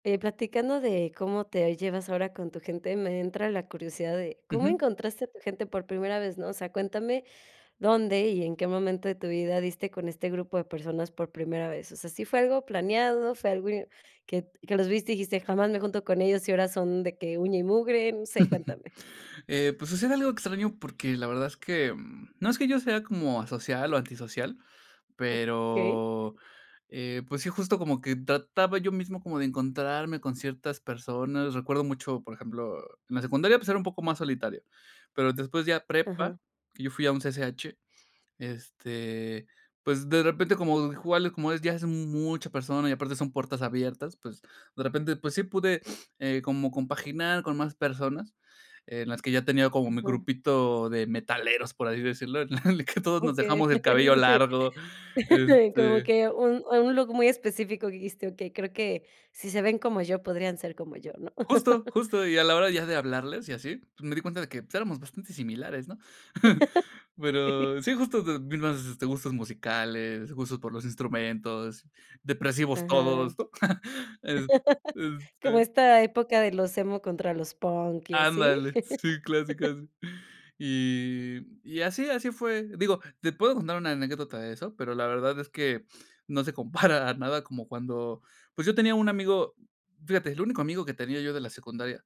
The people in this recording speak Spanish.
Eh, platicando de cómo te llevas ahora con tu gente, me entra la curiosidad de cómo Ujú. encontraste a tu gente por primera vez, ¿no? O sea, cuéntame dónde y en qué momento de tu vida diste con este grupo de personas por primera vez. O sea, ¿sí fue algo planeado, fue algo i que que los viste, dijiste: “Jamás me junto con ellos”, y ahora son de que uña y mugre? No sé, cuéntame. Eh, pues sucede algo extraño porque la verdad es que, mm, no es que yo sea como asocial o antisocial, Okey. pero, eh, pues sí, justo como que trataba yo mismo como de encontrarme con ciertas personas. Recuerdo mucho, por ejemplo, en la secundaria, pues era un poco más solitario, pero después ya prepa, Ajá. que yo fui a un CCH, este, pues de repente como igual, como es, ya es mu mucha persona y aparte son puertas abiertas, pues de repente, pues sí pude, eh, como compaginar con más personas, en las que ya tenía como mi Ujú. grupito de metaleros, por así decirlo, en el que todos nos Okey, dejamos el cabello sí. largo, como este que un un look muy específico. Dijiste: “Okey, creo que si se ven como yo, podrían ser como yo", ¿no? Justo, justo. Y a la hora ya de hablarles y así, pues me di cuenta de que éramos bastante similares, ¿no? Pero sí, justo, de mismas, este, gustos musicales, gusto por los instrumentos, Ajá. depresivos todos, ¿no? Eh, ¿Cómo este esta época de los emo contra los punk y así? Ándale, sí, clásico ese. Y y así, así fue. Digo, te puedo contar una anécdota de eso, pero la verdad es que no se compara nada como cuando pues, yo tenía un amigo, fíjate, el único amigo que tenía yo de la secundaria.